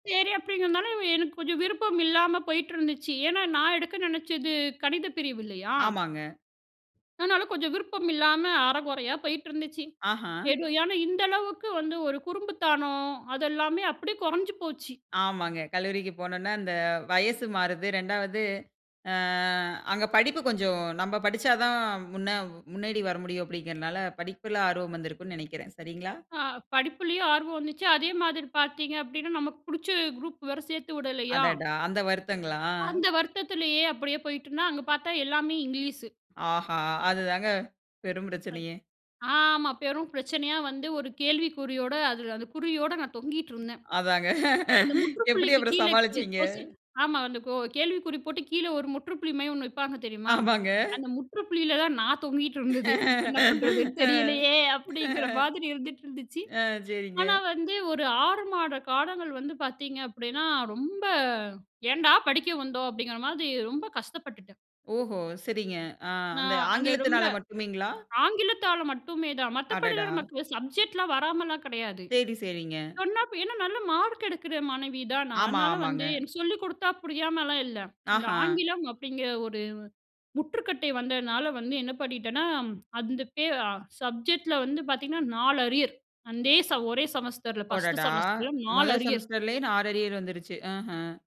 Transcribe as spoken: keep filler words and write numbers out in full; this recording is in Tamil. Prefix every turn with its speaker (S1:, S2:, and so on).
S1: செரி அப்படிங்கறனால, இவ எனக்கு கொஞ்சம் விருப்பம் இல்லாம போயிட்டிருந்துச்சு. ஏன்னா, நான் எடுக்க நெனச்சது கணிதப் பிரிவு இல்லயா?
S2: ஆமாங்க.
S1: அதனால கொஞ்சம் விருப்பம் இல்லாம, அரகொறையா போயிட்டுருந்துச்சு.
S2: ஆஹான்.
S1: [unintelligible] ஏன்னா இந்த அளவுக்கு வந்து ஒரு குறும்புத்தனம், அதெல்லமே அப்படியே கொறஞ்சு போச்சு.
S2: ஆமாங்க. கல்லூரிக்கு போனோன்ன, அந்த வயசு மாறுது. ரெண்டாவது அ அங்க படிப்பு கொஞ்சம், நம்ப படிச்சா தான் முன்ன முன்னேறி வர முடியும் அப்படிங்குறனால, படிப்பில ஆர்வம் வந்திருக்கும்ன் நெனைக்கிறேன் சரிங்களா?
S1: அ படிப்புலேயே ஆர்வம் வந்துச்சு, அதே மாதிரி பாத்தீங்க அப்டின்னா, நமக்கு புடிச்ச குரூப் வேற சேர்த்து உடலையா?
S2: அடடா! அந்த வருத்தங்களா?
S1: அந்த வருத்தத்திலேயே, அப்படியே போய்ட்டனா, அங்க பாத்தா எல்லாமே இங்கிலீஸு.
S2: ஆஹா! அதுதாங்க பெரும்
S1: [unintelligible]
S2: பிரச்சனையே.
S1: அ ஆமா. பெரும் பிரச்சனையா வந்து ஒரு கேள்விக்குறியோட, அதில அந்த குறியோட நான் தொங்கிட்டுருந்தேன்.
S2: அதாங்க.
S1: அந்த
S2: எப்படி
S1: முற்றுப்புள்ளிக்கு
S2: அப்பறம்
S1: கீழ
S2: சமாளிச்சிங்க?
S1: கொஸ்டின் ஆமா, அந்த கேள்விக்குறி போட்டு கீழ ஒரு முற்றுப்புள்ளி மாரி ஒண்ணு வைப்பாங்க, தெரியுமா?
S2: ஆமாங்க.
S1: அந்த முற்றுப்புள்ளியிலதான் நான் தொங்கிகிட்டு இருந்ததே, "என்ன பண்றதுன்னு
S2: ஆ.
S1: தெரியலையே"அப்படிங்கிற மாதிரி இருந்துட்டு இருந்துச்சு.
S2: ஆ சரிங்க.
S1: ஆனா, வந்து ஒரு ஆறு மாத காலங்கள் வந்து பாத்தீங்க அப்படின்னா ரொம்ப, "ஏன்டா படிக்க வந்தோம்" அப்படிங்கிற மாதி ரொம்ப கஷ்டப்பட்டுட்டேன்.
S2: ஓஹோ! சரிங்க ஆ அந்த
S1: நான் அந்த ரொம்ப
S2: ஆங்கிலத்தினால மட்டுமேங்களா?
S1: ஆங்கிலத்தால மட்டுமே தான். மத்தபடியிலா
S2: அடடா!
S1: நமக்கு சப்ஜெக்ட்லாம் வராமலாம் கிடையாது.
S2: செரி செரிங்க.
S1: சொன்னா, இப்ப ஏன்னா, நல்ல மார்க் எடுக்கிற மாணவி தான் நான்.
S2: ஆமா,
S1: அதனால வந்து
S2: ஆமாங்க.
S1: எனக்கு சொல்லிக் குடுத்தா புரியாமலாம் இல்ல. அந்த
S2: ஆஹான்.
S1: ஆங்கிலம் அப்படிங்கிற ஒரு முற்றுக்கட்டை வந்ததுனால, வந்து என்ன பண்ணிட்டேன்னா, அந்த பே சப்ஜெக்ட்ல வந்து பாத்தீங்கன்னா, நாலு அரியர். அந்தே ச ஒரே செமஸ்டர்ல, ஃபர்ஸ்ட்டு
S2: அடடா!
S1: செமஸ்டர்ல நாலு
S2: முதல்
S1: அரியர்.
S2: செமஸ்டர்லயே ஆறு அரியர் வந்துருச்சு. ஆஹன்.